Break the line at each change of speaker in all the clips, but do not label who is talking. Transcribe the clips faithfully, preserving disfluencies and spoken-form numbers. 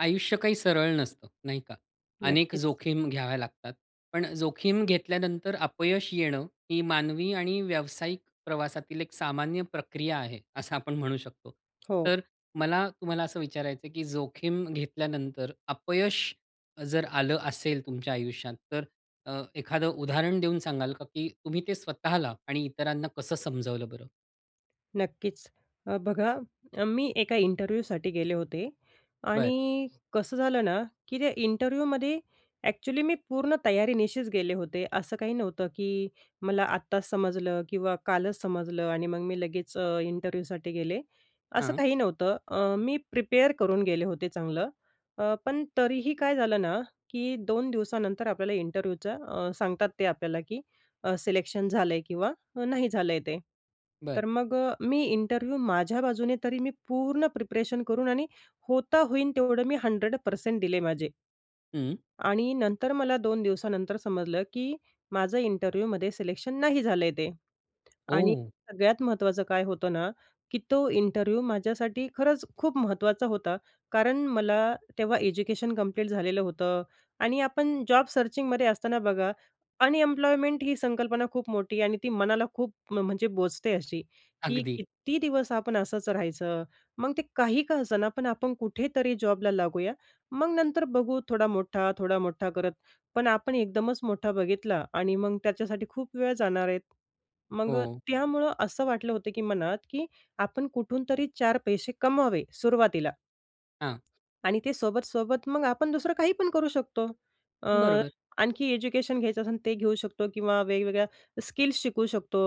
आयुष्य काही सरळ नसतं नाही का. अनेक
नक्कीच.
जोखीम घ्याव्या लागतात. पण अ, जोखीम घेतल्यानंतर अपयश येणं ही मानवी आणि व्यावसायिक प्रवासातील एक सामान्य प्रक्रिया आहे असं आपण म्हणू शकतो.
हो.
तर मला तुम्हाला असं विचारायचंय, की जोखीम घेतल्यानंतर अपयश जर आलं असेल तुमच्या आयुष्यात, तर अ, एखादं उदाहरण देऊन सांगाल का, की तुम्ही ते स्वतःला आणि इतरांना कसं समजावलं बरं?
नक्कीच, अ, बघा अ, मी एका इंटरव्ह्यूसाठी गेले होते
बरं.
आणि कसं झालं ना, की त्या इंटरव्ह्यूमध्ये एक्चुअली मी पूर्ण तयारीनिशीच गेले होते असं काही नव्हतं, की मला आत्ताच समजलं किंवा कालच समजलं आणि मग मी लगेच अ, इंटरव्ह्यूसाठी गेले असं
हां.
काही नव्हतं. अ, मी प्रिपेअर करून गेले होते चांगलं. अ, पण तरीही काय झालं ना, की दोन दिवसानंतर आपल्याला इंटरव्ह्यूच्या अ, सांगतात ते आपल्याला, की अ, सिलेक्शन झालंय किंवा नाही झालंय ते.
बरं.
तर मग अ, मी इंटरव्ह्यू माझ्या बाजूने तरी मी पूर्ण प्रिपरेशन करून आणि होता होईन तेवढं मी हंड्रेड पर्सेंट दिले माझे.
हं.
आणि नंतर मला दोन दिवसानंतर समजलं की माझं इंटरव्ह्यूमध्ये सिलेक्शन नाही झालंय ते. आणि
ओह!
सगळ्यात महत्त्वाचं काय होतं ना की तो इंटरव्ह्यू माझ्यासाठी खरंच खूप महत्त्वाचा होता. कारण मला तेव्हा एज्युकेशन कंप्लीट झालेलं होतं. आणि आपण जॉब सर्चिंगमध्ये असताना बघा, अनएम्प्लॉयमेंट ही संकल्पना खूप मोठी आणि ती मनाला खूप म्हणजे बोचते अशी, की
अगदी.
कित्ती दिवस आपण असंच राहायचं, मग ते काही का असं ना पण आपण कुठेतरी जॉबला लागूया. मग नंतर बघू थोडा मोठा, थोडा मोठा करत, पण आपण एकदमच मोठा बघितला आणि मग त्याच्यासाठी खूप वेळ जाणार आहे. मग अ,
हो.
त्यामुळं असं वाटलं होतं की मनात की आपण कुठूनतरी चार पैसे कमवावे सुरुवातीला.
हां.
आणि ते सोबत-सोबत मग आपण दुसरं काही पण करू शकतो. अ,
बरोबर.
आणखी एज्युकेशन घ्यायचं असेल ते घेऊ शकतो किंवा वेगवेगळ्या स्किल्स शिकवू शकतो,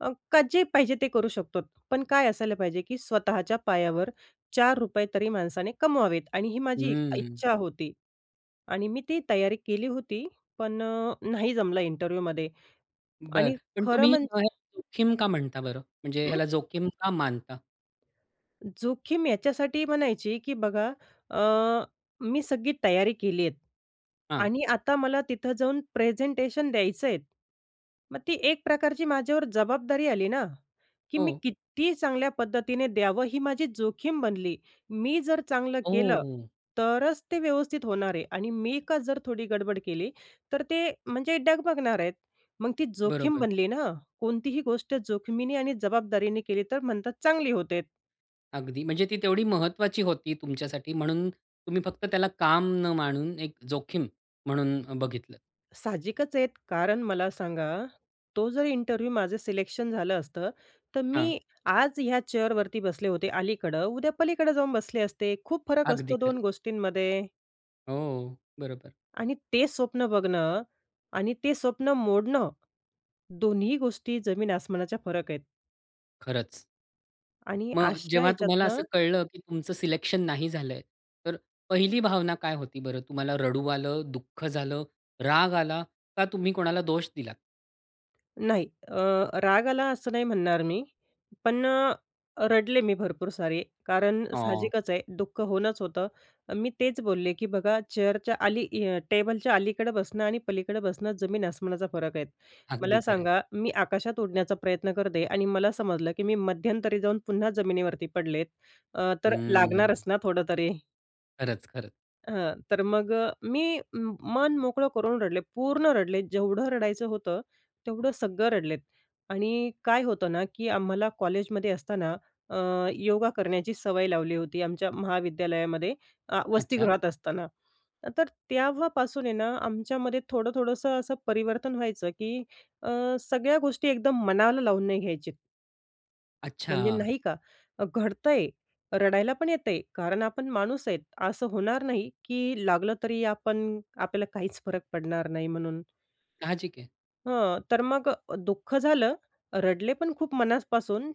अ, का जे पाहिजे ते करू शकतो. पण काय असायला पाहिजे की स्वतःच्या पायावर चार रुपये तरी माणसाने कमवावेत आणि ही माझी एक
हम्म.
इच्छा होती आणि मी ती तयारी केली होती, पण अ, नाही जमला इंटरव्ह्यूमध्ये.
बरं.
आणि
पण
खरं
तुम्ही
म्हणजे
[unintelligible] जोखीम का म्हणता बरं म्हणजे
अं
ह्याला जोखीम का मानता?
जोखीम याच्यासाठी म्हणायची की बघा, अ, मी सगळी तयारी केली आहेत.
हां.
आणि आता मला तिथं जाऊन प्रेझेंटेशन द्यायचं आहेत. मग ती एक प्रकारची माझ्यावर जबाबदारी आली ना की मी
हो.
किती चांगल्या पद्धतीने द्यावं, ही माझी जोखीम बनली. मी जर चांगलं केलं,
ओहो!
तरच ते व्यवस्थित होणार आहे आणि मी का जर थोडी गडबड केली तर ते म्हणजे डगमगणार आहेत. मग ती जोखीम
बरोबर.
बनली ना, कोणतीही गोष्ट जोखमीने आणि जबाबदारीने केली तर म्हणतात चांगली होतेत.
अगदी. म्हणजे ती तेवढी महत्त्वाची होती तुमच्यासाठी. म्हणून तुम्ही फक्त त्याला काम न मानून एक जोखीम म्हणून बघितलं.
साहजिकच आहेत, कारण मला सांगा, तो जर इंटरव्ह्यू माझं सिलेक्शन झालं असतं, तर
हां.
मी आज ह्या चेअरवरती बसले होते अलीकडं, उद्या पलीकडे जाऊन बसले असते. खूप फरक
अगदी
असतो दोन
खरं.
गोष्टींमध्ये.
हो, बरोबर.
आणि ते स्वप्न बघणं आणि ते स्वप्न मोडणं, दोन्हीही गोष्टी जमीन-आसमानाचा फरक आहेत.
खरंच.
आणि
मग
अशा
जेव्हा तुम्हाला
ह्याच्यातना
असं कळलं, की तुमचं सिलेक्शन नाही झालंय तर पहिली भावना काय होती बरं? तुम्हाला रडू आलं, दुःख झालं, राग आला का? तुम्ही कोणाला दोष दिलात?
नाही. अ, राग आला असं नाही म्हणणार मी. पण अ, अ, रडले मी भरपूर सारी. कारण
हां.
साहजिकच आहे, दुःख होऊनच होतं. अ, मी तेच बोलले, की बघा चेअरच्या अली अ, टेबलच्या अलीकडे बसणं, आणि पलीकडे बसणं जमीन आसमानाचा फरक आहे.
अगदी
मला
खरं आहे.
सांगा, मी आकाशात उडण्याचा प्रयत्न करते, आणि मला समजलं, की मी मध्यंतरी जाऊन पुन्हा जमिनीवरती पडले अ, तर
हम्म.
लागणारच ना थोडं तरी.
खरंच, खरंच.
हां. तर मग अ, मी अ, मन मोकळं करून रडले, पूर्ण रडले. जेवढं रडायचं होतं, तेवढं सगळं रडले. आणि काय होतं ना, की आम्हाला कॉलेजमध्ये असताना अ, योगा करण्याची सवय लावली होती, आमच्या महाविद्यालयामध्ये आ
अच्छा.
वसतीगृहात असताना. तर त्याव्हापासून आहे ना, आमच्यामध्ये थोडं, थोडंसं असं परिवर्तन व्हायचं, की अ, सगळ्या गोष्टी एकदम मनाला लावून नाही घ्यायचे. म्हणजे
अच्छा.
नाही का. अ, घडतं आहे, रडायला पण येतं आहे. कारण आपण माणूस आहे, असं होणार नाही, की लागलं तरी आपण आपल्याला काहीच फरक पडणार नाही म्हणून.
साहजिक आहे.
हां. तर मग अ, दुःख झालं, रडले पण खूप मनापासून.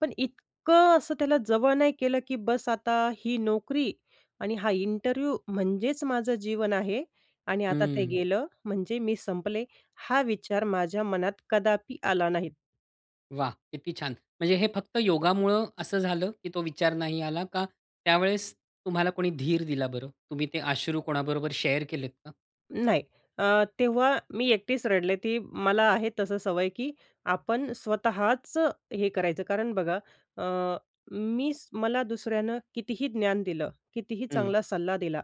पण इतकं असं त्याला जवळ नाही केलं, की बस आता ही नोकरी, आणि हा इंटरव्ह्यू म्हणजेच माझं जीवन आहे. आणि आता ते
हं.
गेलं. म्हणजे मी संपले, हा विचार माझ्या मनात कदापि आला नाही.
वाह! किती छान. म्हणजे हे फक्त योगामुळं असं झालं की तो विचार नाही आला का? त्यावेळेस तुम्हाला कोणी धीर दिला बरं? तुम्ही ते अश्रू कोणाबरोबर शेअर केलेत का?
नाही अ, तेव्हा मी एकटीच रडले. ती मला आहे, तसं सवय की आपण स्वतःच हे करायचं कारण बघा, अ, मी मला दुसऱ्यानं कितीही ज्ञान दिलं, कितीही
हं.
चांगला सल्ला दिला,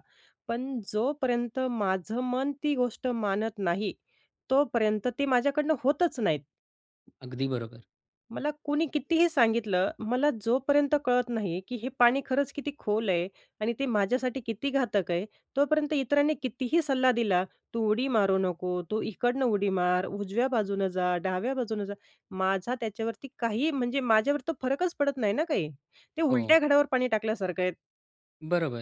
पण जोपर्यंत माझं मन ती गोष्ट मानत नाही तोपर्यंत ती माझ्याकडनं होतच नाहीत.
अगदी बरोबर.
मला कोणी कितीही सांगितलं, मला जोपर्यंत कळत नाही की हे पाणी खरंच किती खोल आहे आणि ते माझ्यासाठी किती घातक आहे, तोपर्यंत इतरांनी कितीही सल्ला दिला, तू उडी मारू नको, तू इकडनं उडी मार, उजव्या बाजूनं जा, डाव्या बाजूनं जा, माझा त्याच्यावरती काही, म्हणजे माझ्यावर तो फरकच पडत नाही ना काही. ते उलट्या
हो.
घड्यावर पाणी टाकल्यासारखं आहे.
बरोबर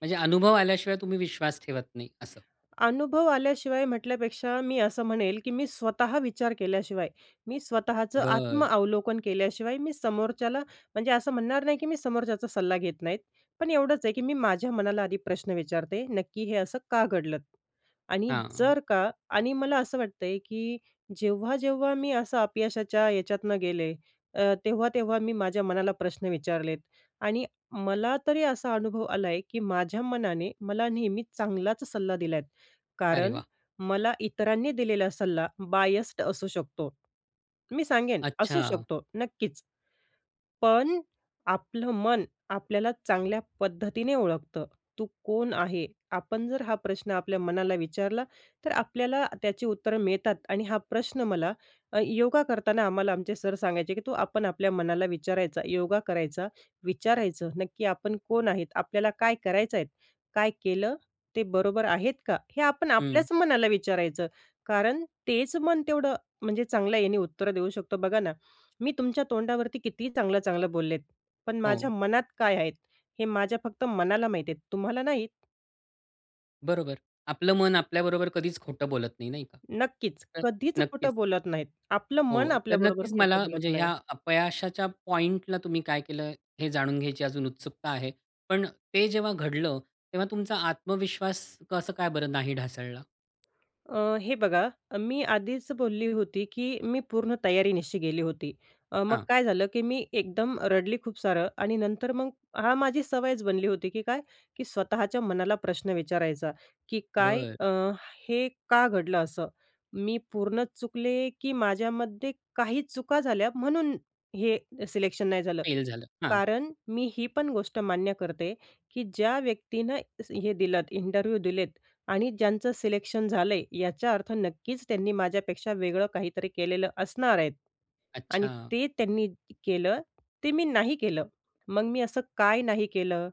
म्हणजे अनुभव आल्याशिवाय तुम्ही विश्वास ठेवत नाही असं.
अनुभव आल्याशिवाय म्हटल्यापेक्षा, मी असं म्हणेल की मी स्वतः विचार केल्याशिवाय, मी स्वतःचं
बरं.
आत्मअवलोकन केल्याशिवाय मी समोरच्याला म्हणजे असं म्हणणार नाही, की मी समोरच्याचा सल्ला घेत नाही. पण एवढंच आहे की मी माझ्या मनाला आधी प्रश्न विचारते, नक्की हे असं का घडलंत? आणि
हां.
जर का आणि मला असं वाटतंय की जेव्हा-जेव्हा मी असं अपयशाच्या याच्यातनं गेले अ, तेव्हा-तेव्हा मी माझ्या मनाला प्रश्न विचारलेत आणि मला तरी असा अनुभव आलाय की माझ्या मनाने, मला नेहमीच चांगलाच सल्ला दिलाय.
अरे
कारण
वाह!
मला इतरांनी दिलेला सल्ला बायस्ड असू शकतो मी सांगेन, असू
अच्छा.
शकतो नक्कीच. पण आपलं मन आपल्याला चांगल्या पद्धतीने ओळखतं. तू कोण आहे, आपण जर हा प्रश्न आपल्या मनाला विचारला, तर आपल्याला त्याची उत्तरं मिळतात आणि हा प्रश्न मला अ, योगा करताना आम्हाला आमचे सर सांगायचे की तू आपण आपल्या मनाला विचारायचं. योगा करायचा, विचारायचं नक्की आपण कोण आहोत, आपल्याला काय करायचं आहे, काय केलं ते बरोबर आहे का? हे आपण
हं.
आपल्याच मनाला विचारायचं. कारण तेच मन तेवढं, म्हणजे चांगल्या याने उत्तरं देऊ शकतं. बघा ना मी तुमच्या तोंडावरती किती चांगल्या-चांगल्या बोललेत पण माझ्या
हो.
मनात काय आहेत, हे माझ्या फक्त मनाला माहीत आहे तुम्हाला नाही.
बरोबर. आपलं मन आपल्याबरोबर कधीच खोटं बोलत नाही, नाही का.
नक्कीच.
तर
कधीच खोटं
नक्कीच
बोलत नाहीत. आपलं मन
हो. तर
आपल्याबरोबर
नक्कीच
खोटं
मला
बोलत
म्हणजे
नाही.
या अपयशाच्या पॉइंटला तुम्ही काय केलं हे जाणून घ्यायची अजून उत्सुकता आहे, पण ते जेव्हा घडलं तेव्हा तुमचा आत्मविश्वास कसं काय बरं नाही ढासळला?
अ, हे बघा मी आधीच बोलली होती की मी पूर्ण तयारीनिशी गेली होती. अ, मग
हां.
काय झालं की मी एकदम रडली खूप सारं. आणि नंतर मग हां, माझी सवयच बनली होती की काय की स्वतःच्या मनाला प्रश्न विचारायचा की "काय
बरं.
अ, हे का घडलं असं? मी पूर्ण चुकले की माझ्यामध्ये काही चुका झाल्या म्हणून हे सिलेक्शन नाही झालं."
फेल झालं. हां.
कारण मी ही पण गोष्ट मान्य करते की ज्या व्यक्तीनं दि हे दिलत, इंटरव्ह्यू दिलेत आणि ज्यांचं सिलेक्शन झालंय, याचा अर्थ नक्कीच त्यांनी माझ्यापेक्षा वेगळं काहीतरी केलेलं असणार आहेत. आणि
अच्छा.
ते त्यांनी केलं, ते मी नाही केलं, मग मी असं काय नाही केलं.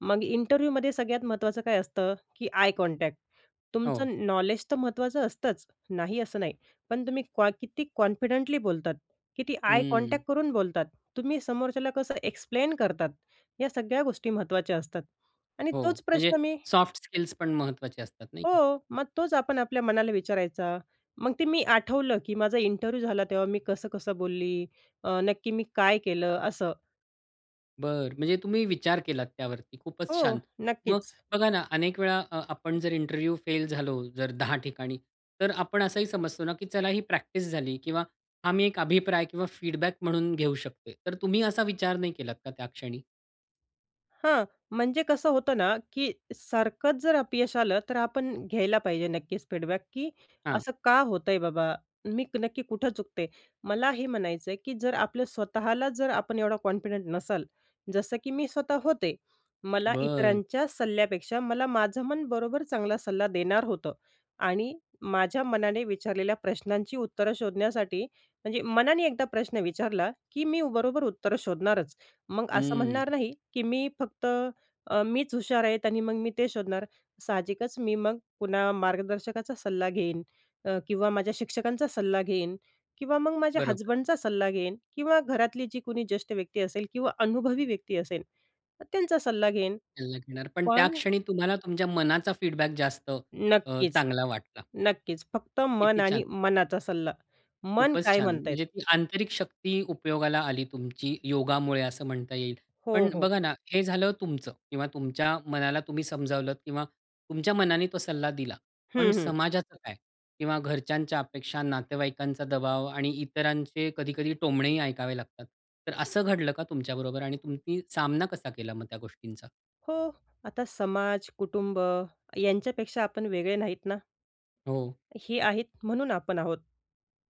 मग इंटरव्ह्यूमध्ये सगळ्यात महत्त्वाचं काय असतं, की आय कॉन्टॅक्ट.
हो.
तुमचं नॉलेज तर महत्वाचं असतंच, नाही असं नाही, पण तुम्ही क्वा किती कॉन्फिडेंटली बोलतात, किती आय
हं.
कॉन्टॅक्ट. करून बोलतात, तुम्ही समोरच्याला कसं एक्सप्लेन करतात या सगळ्या गोष्टी महत्त्वाच्या असतात. आणि
हो,
तोच
म्हणजे
प्रश्न मी
सॉफ्ट स्किल्स पण महत्वाचे असतात नाही का?
हो. मग तोच आपण आपल्या मनाला विचारायचा. मग ते मी आठवलं की "माझा इंटरव्ह्यू झाला तेव्हा मी कसं-कसं बोलली, अ, नक्की मी काय केलं?" असं.
बरं. म्हणजे तुम्ही विचार केलात त्यावरती. खूपच छान.
हो.
मग
नक्कीच.
बघा ना अनेक वेळा अ, आपण जर इंटरव्ह्यू फेल झालो जर दहा ठिकाणी, तर आपण असंही समजतो ना की चला ही प्रॅक्टिस झाली किंवा आम्ही एक अभिप्राय किंवा फीडबॅक म्हणून घेऊ शकतो. तर तुम्ही असा विचार नाही केलात का त्या क्षणी?
हां. म्हणजे कसं होतं ना की सारखंच जर अपयश आलं तर आपण घ्यायला पाहिजे नक्कीच फीडबॅक की
हां.
असं का होतंय बाबा? मी नक्की कुठं चुकते? मला हे म्हणायचं आहे की जर आपलं स्वतःला जर आपण एवढं कॉन्फिडंट नसाल, जसं की मी स्वतः होते. मला
बरं.
इतरांच्या सल्ल्यापेक्षा मला माझं मन बरोबर चांगला सल्ला देणार होतं. आणि माझ्या मनाने विचारलेल्या प्रश्नांची उत्तरं शोधण्यासाठी म्हणजे मनाने एकदा प्रश्न विचारला, की मी बरोबर उत्तरं शोधणारच, मग असं
हं.
म्हणणार नाही की मी फक्त अ, मीच हुशार आहे. आणि मग मी ते शोधणार. साहजिकच मी मग पुन्हा मार्गदर्शकाचा सल्ला घेईन अ, किंवा माझ्या शिक्षकांचा सल्ला घेईन किंवा मग माझ्या
बरोबर.
हसबंडचा सल्ला घेईन किंवा घरातली जी कोणी ज्येष्ठ व्यक्ती असेल किंवा अनुभवी व्यक्ती असेल तर त्यांचा सल्ला घेईन,
सल्ला घेणार, पण त्या
पण
क्षणी तुम्हाला तुमच्या मनाचा फीडबॅक जास्त अ,
नक्कीच.
चांगला वाटला.
नक्कीच. फक्त मन
किती
आणि
छान!
मनाचा सल्ला. मन
खूपच
काय
छान.
म्हणत आहे.
म्हणजे ती आंतरिक शक्ती उपयोगाला आली तुमची योगामुळे असं म्हणता येईल.
हो,
पण
हो.
बघा ना हे झालं तुमचं किंवा तुमच्या मनाला तुम्ही समजावलत किंवा तुमच्या मनाने तो सल्ला दिला, पण
हं, हं.
समाजाचं काय किंवा घरच्यांच्या अपेक्षा, नातेवाईकांचा दबाव आणि इतरांचे कधी-कधी टोमणेही ऐकावे लागतात. तर असं घडलं का तुमच्याबरोबर आणि तुम्ही सामना कसा केला मग त्या गोष्टींचा?
हो, आता समाज, कुटुंब यांच्यापेक्षा आपण वेगळे नाहीत ना.
हो.
हे आहेत म्हणून आपण आहोत.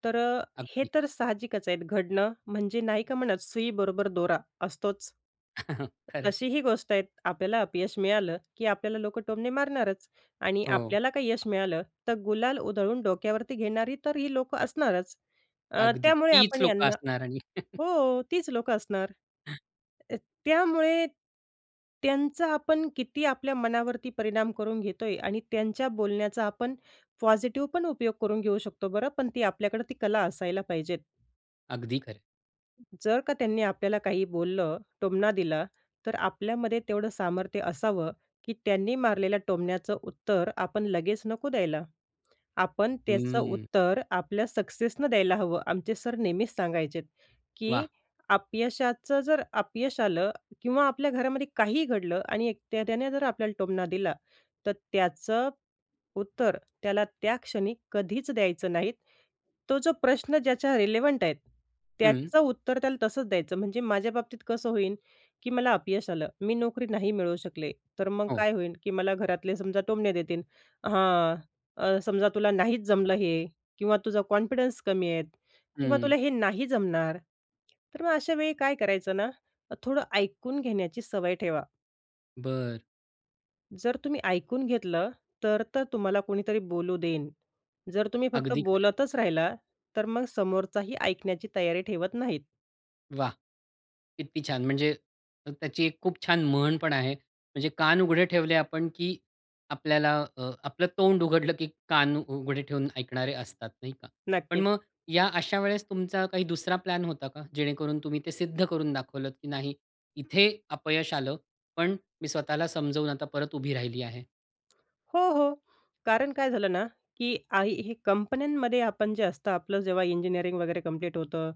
तर अ, हे
अगदी.
तर साहजिकच आहेत घडणं म्हणजे नाही का म्हणत, सुईबरोबर दोरा असतोच.
खरं आहे.
अशी ही गोष्ट आहेत. आपल्याला अपयश मिळालं की आपल्याला लोक टोमणे मारणारच आणि
हो.
आपल्याला काही यश मिळालं, तर गुलाल उधळून डोक्यावरती घेणारी तर ही लोक असणारच. अ,
अगदी,
त्यामुळे
तीच
आपण
लोक
यांना
असणार आणि.
हो, तीच लोक असणार.
हं.
त त्यामुळे त्यांचा आपण किती आपल्या मनावरती परिणाम करून घेतोय आणि त्यांच्या बोलण्याचा आपण पॉझिटिव्हपण उपयोग करून घेऊ शकतो बरं, पण ती आपल्याकडे ती कला असायला पाहिजे.
अगदी खरंय.
जर का त्यांनी आपल्याला काही बोललं, टोमणा दिला, तर आपल्यामध्ये तेवढं सामर्थ्य असावं की त्यांनी मारलेल्या टोमण्याचं उत्तर आपण लगेच नको द्यायला. आपण त्याचं
हम्म.
उत्तर आपल्या सक्सेसनं द्यायला हवं. आमचे सर नेहमीच सांगायचे की,
वाह!
"अपयशाचं जर अपयश आलं किंवा आपल्या घरामध्ये काहीही घडलं आणि एक त्याने जर आपल्याला टोमणा दिला, तर त्याचं उत्तर त्याला त्या क्षणी कधीच द्यायचं नाही. तो जो प्रश्न ज्याच्या रिलेव्हंट आहे,
हं.
त्याचं उत्तर त्याला तसंच द्यायचं." म्हणजे माझ्या बाबतीत कसं होईल की मला अपयश आलं, मी नोकरी नाही मिळवू शकले, तर मग
हो.
काय होईल की मला घरातले समजा टोमणे देतील हं, समजा तुला नाहीच जमलं हे किंवा तुझा कॉन्फिडन्स कमी आहे किंवा
हं.
तुला हे नाही जमणार. तर मग अशा वेळी काय करायचं ना, थोडं ऐकून घेण्याची सवय ठेवा.
बरं.
जर तुम्ही ऐकून घेतलं, तर तर तुम्हाला कोणीतरी बोलू देईन. जर तुम्ही फक्त
अगदी खरं आहे.
बोलतच राहिला, तर मग समोरचाही ऐकण्याची तयारी ठेवत नाहीत.
वाह! किती छान म्हणजे त्याची एक खूप छान म्हण पण आहे, म्हणजे कान उघडे ठेवले आपण की आपल्याला अ, आपलं तोंड उघडलं की कान उघडे ठेवून ऐकणारे असतात नाही का, पण
नक्कीच.
मग या अशा वेळेस तुमचा काही दुसरा प्लॅन होता का जेणेकरून तुम्ही ते सिद्ध करून दाखवलत की नाही इथे अपयश आलं, पण मी स्वतःला समजून आता परत उभी राहिली आहे.
हो, हो. कारण काय झालं ना, की आई हे कंपन्यांमध्ये आपण जे असतं आपलं जेव्हा इंजिनिअरिंग वगैरे कंप्लीट होतं,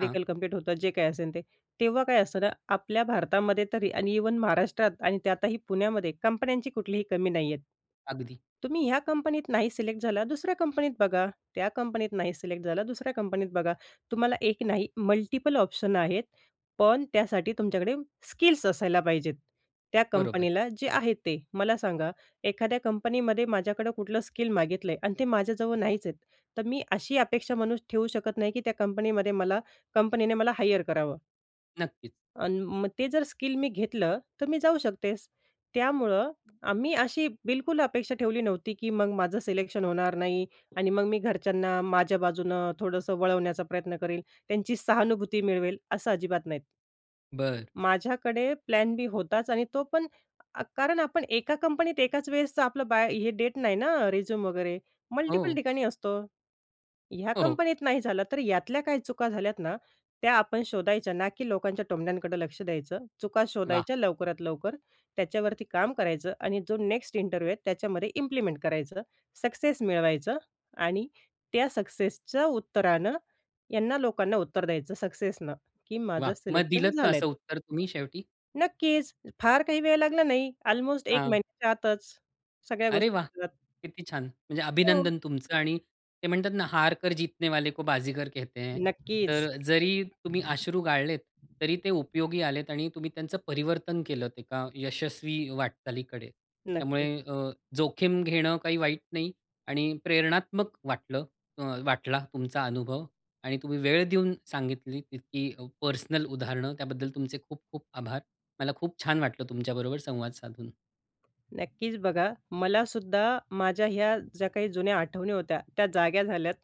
हां.
कंप्लीट होतं, जे काही असेल ते, तेव्हा काय असतं ना, आपल्या भारतामध्ये तरी आणि इव्हन महाराष्ट्रात आणि त्यातही पुण्यामध्ये कंपन्यांची कुठलीही कमी नाहीहेत.
अगदी.
तुम्ही ह्या कंपनीत नाही सिलेक्ट झाला दुसऱ्या कंपनीत बघा. त्या कंपनीत नाही सिलेक्ट झाला दुसऱ्या कंपनीत बघा, तुम्हाला एक नाही मल्टीपल ऑप्शन आहेत. पण त्यासाठी तुमच्याकडे स्किल्स असायला पाहिजेत. त्या
बरोबर.
कंपनीला जे आहे ते. मला सांगा एखाद्या कंपनीमध्ये माझ्याकडं कुठलं स्किल मागितलंय आणि ते माझ्याजवळ नाहीच आहेत. तर मी अशी अपेक्षा म्हणूस ठेवू शकत नाही की त्या कंपनीमध्ये मला कंपनीने मला हायर करावं.
नक्कीच.
आणि मग ते जर स्किल मी घेतलं तर मी जाऊ शकतेस. त्यामुळं आम्ही अशी बिलकुल अपेक्षा ठेवली नव्हती, की मग माझं सिलेक्शन होणार नाही आणि मग मी घरच्यांना माझ्या बाजूनं थोडंसं वळवण्याचा प्रयत्न करीन, त्यांची सहानुभूती मिळवेल असं अजिबात नाहीत.
बरं.
माझ्याकडे प्लॅन बी होताच आणि तो पण अ, कारण आपण एका कंपनीत एकाच वेळेसचं आपलं बाय हे देत नाही ना रिझ्यूम वगैरे मल्टिपल
हो.
ठिकाणी असतो. ह्या
हो, हो.
कंपनीत नाही झालं तर यातल्या काही चुका झाल्यात ना त्या आपण शोधायच्या ना, की लोकांच्या टोमण्यांकडं लक्ष द्यायचं. चुका
वाह!
शोधायच्या, लवकरात लवकर त्याच्यावरती काम करायचं आणि जो नेक्स्ट इंटरव्ह्यू आहेत त्याच्यामध्ये इम्प्लिमेंट करायचं, सक्सेस मिळवायचं आणि त्या सक्सेसच्या उत्तरानं यांना लोकांना उत्तर द्यायचं सक्सेसनं, की माझं
वाह! मग
सिलेक्शन
दिलंत का
झालं
असं
आहे.
उत्तर तुम्ही शेवटी?
नक्कीच. फार काही वेळ लागला नाही अल्मोस्ट एक
आ
महिन्याच्या आतच सगळ्या
अरे,
गोष्टी
वाह!
[unintelligible]
किती छान! म्हणजे
हो.
अभिनंदन तुमचं आणि ते म्हणतात ना हार कर जीतने वाले को बाजीगर कहते हैं.
नक्कीच.
तर जरी तुम्ही अश्रू गाळलेत तरी ते उपयोगी आलेत आणि तुम्ही त्यांचं परिवर्तन केलंत एका यशस्वी वाटचालीकडे. त्यामुळे
नक्कीच.
अ, जोखीम घेणं काही वाईट नाही आणि प्रेरणात्मक वाटलं अ, ...वाटला तुमचा अनुभव आणि तुम्ही वेळ देऊन सांगितली इतकी अ, पर्सनल उदाहरणं त्याबद्दल तुमचे खूप खूप आभार. मला खूप छान वाटलं तुमच्याबरोबर संवाद साधून.
नक्कीच. बघा, मलासुद्धा माझ्या ह्या ज्या काही जुन्या आठवणी होत्या त्या जाग्या झाल्यात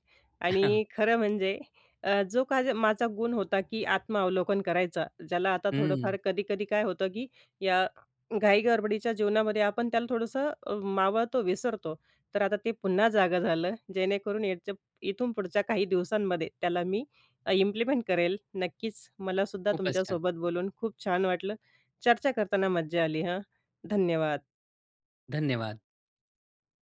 आणि खरं म्हणजे अ, जो काही माझा गुण होता, की आत्मावलोकन करायचं ज्याला आता
हं.
थोडंफार कधी-कधी काय होतं, की या घाई-गडबडीच्या जीवनामध्ये आपण त्याला थोडंसं अ, मावळतो, विसरतो. तर आता ते पुन्हा जागं झालं. जेणेकरून याच्या इथून पुढच्या काही दिवसांमध्ये त्याला मी इम्प्लिमेंट करेल. नक्कीच मलासुद्धा
खूपच छान.
तुमच्यासोबत बोलून खूप छान वाटलं. चर्चा करताना मज्जा आली हां, धन्यवाद.
धन्यवाद.